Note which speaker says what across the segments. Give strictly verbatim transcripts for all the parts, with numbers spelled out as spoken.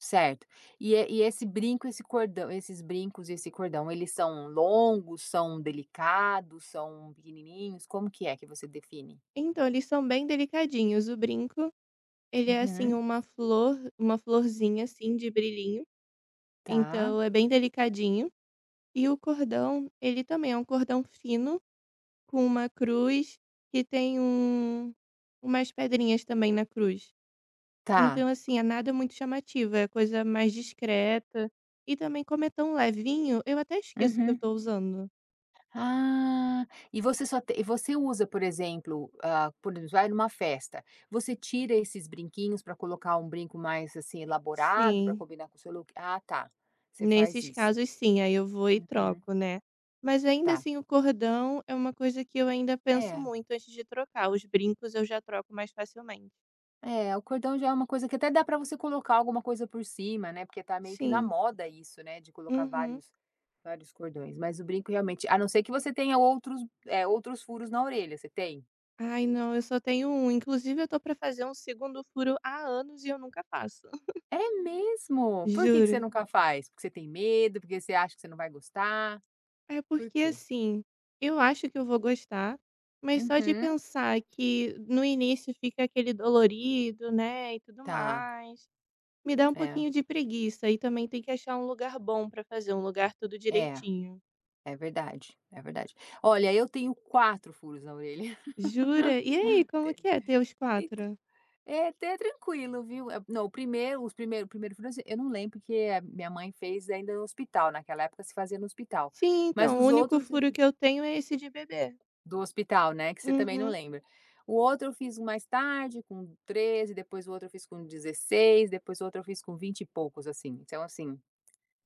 Speaker 1: Certo. E esse e esse brinco, esse cordão, esses brincos e esse cordão eles são longos, são delicados, são pequenininhos, como que é que você define?
Speaker 2: Então eles são bem delicadinhos o brinco, ele é assim
Speaker 1: Uhum.
Speaker 2: uma flor, uma florzinha assim de brilhinho,
Speaker 1: Tá.
Speaker 2: então é bem delicadinho, e o cordão ele também é um cordão fino, com uma cruz que tem um umas pedrinhas também na cruz.
Speaker 1: Tá.
Speaker 2: Então assim, nada muito chamativo, é coisa mais discreta, e também como é tão levinho, eu até esqueço que eu
Speaker 1: Uhum.
Speaker 2: estou usando.
Speaker 1: Ah, e você só t e você usa, por exemplo ah, por exemplo vai em uma festa, você tira esses brinquinhos para colocar um brinco mais, assim, elaborado para
Speaker 2: Sim.
Speaker 1: combinar com o seu look, ah tá, você faz
Speaker 2: Nesses
Speaker 1: isso.
Speaker 2: casos sim, aí eu vou e
Speaker 1: Uhum.
Speaker 2: troco, né. Mas ainda
Speaker 1: Tá.
Speaker 2: assim o cordão é uma coisa que eu ainda penso
Speaker 1: É.
Speaker 2: muito antes de trocar, os brincos eu já troco mais facilmente.
Speaker 1: É, o cordão já é um coisa que até dá para você colocar alguma coisa por cima, né, porque está meio que na
Speaker 2: Sim.
Speaker 1: moda isso, né, de colocar
Speaker 2: Uhum.
Speaker 1: vários vários cordões, mas o brinco realmente, a não ser que você tenha outros, eh, outros furos na orelha, você tem?
Speaker 2: Ai não, só tenho um, inclusive eu tô para fazer um segundo furo há anos, e eu nunca faço.
Speaker 1: É mesmo? Por que que você
Speaker 2: Juro.
Speaker 1: nunca faz? Porque você tem medo, porque você acha que você não vai gostar?
Speaker 2: É
Speaker 1: Por
Speaker 2: porque
Speaker 1: quê?
Speaker 2: assim, eu acho que eu vou gostar, mas só de
Speaker 1: Uhum.
Speaker 2: pensar que no início fica aquele dolorido, né, e tudo
Speaker 1: Tá.
Speaker 2: mais, me dá um
Speaker 1: É.
Speaker 2: pouquinho de preguiça e também tem que achar um lugar bom para fazer, um lugar tudo
Speaker 1: É,
Speaker 2: direitinho.
Speaker 1: é verdade, é verdade. Olha eu tenho quatro furos na orelha.
Speaker 2: Jura? E aí, como que é ter os
Speaker 1: Então
Speaker 2: quatro?
Speaker 1: é até tranquilo viu? Não o primeiro os primeiro o primeiro furo, assim, eu não lembro, porque a minha mãe fez ainda no hospital, naquela época se fazia no hospital,
Speaker 2: Sim,
Speaker 1: mas
Speaker 2: então, o
Speaker 1: os
Speaker 2: único
Speaker 1: outros eu
Speaker 2: furo que eu tenho é esse de bebê.
Speaker 1: Do hospital, né, que você também não
Speaker 2: Uhum.
Speaker 1: lembra. O outro eu fiz mais tarde com treze, depois o outro eu fiz com dezesseis depois o outro eu fiz com vinte e poucos assim, então assim,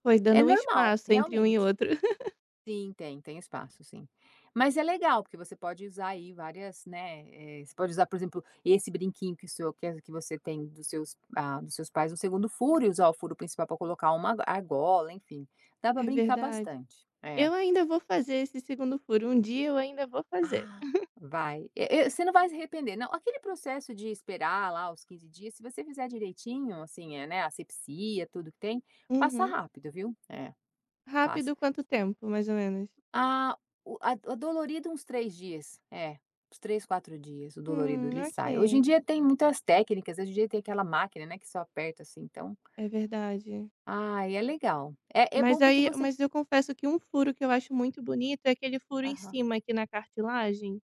Speaker 2: Foi
Speaker 1: é
Speaker 2: dando um
Speaker 1: normal
Speaker 2: espaço entre um e
Speaker 1: realmente.
Speaker 2: outro.
Speaker 1: Sim tem, tem espaço sim. Mas é legal porque você pode usar aí várias, né, eh, você pode usar, por exemplo, esse brinquinho que o seu que as que você tem dos seus hã, dos seus pais no segundo furo e usar o furo principal para colocar uma argola enfim, dá para
Speaker 2: É
Speaker 1: brincar
Speaker 2: verdade.
Speaker 1: bastante. É.
Speaker 2: Eu ainda vou fazer esse segundo furo, um dia eu ainda vou fazer.
Speaker 1: Ah, vai, e e você não vai se arrepender não, aquele processo de esperar lá os quinze dias, se você fizer direitinho, assim, né, assepsia tudo que tem, passa
Speaker 2: Uhum.
Speaker 1: rápido viu? É. Passa.
Speaker 2: Rápido quanto tempo mais ou menos?
Speaker 1: A o a o dolorido uns três dias, é, uns três, quatro dias o dolorido,
Speaker 2: Hum,
Speaker 1: ele sai, hoje em
Speaker 2: ok.
Speaker 1: dia tem muitas técnicas, hoje em dia tem aquela máquina, né, que só aperta assim então
Speaker 2: É verdade.
Speaker 1: Ai é legal, é é
Speaker 2: Mas
Speaker 1: bom porque
Speaker 2: aí
Speaker 1: você
Speaker 2: mas eu confesso que um furo que eu acho muito bonito é aquele furo em
Speaker 1: Aham.
Speaker 2: cima aqui na cartilagem.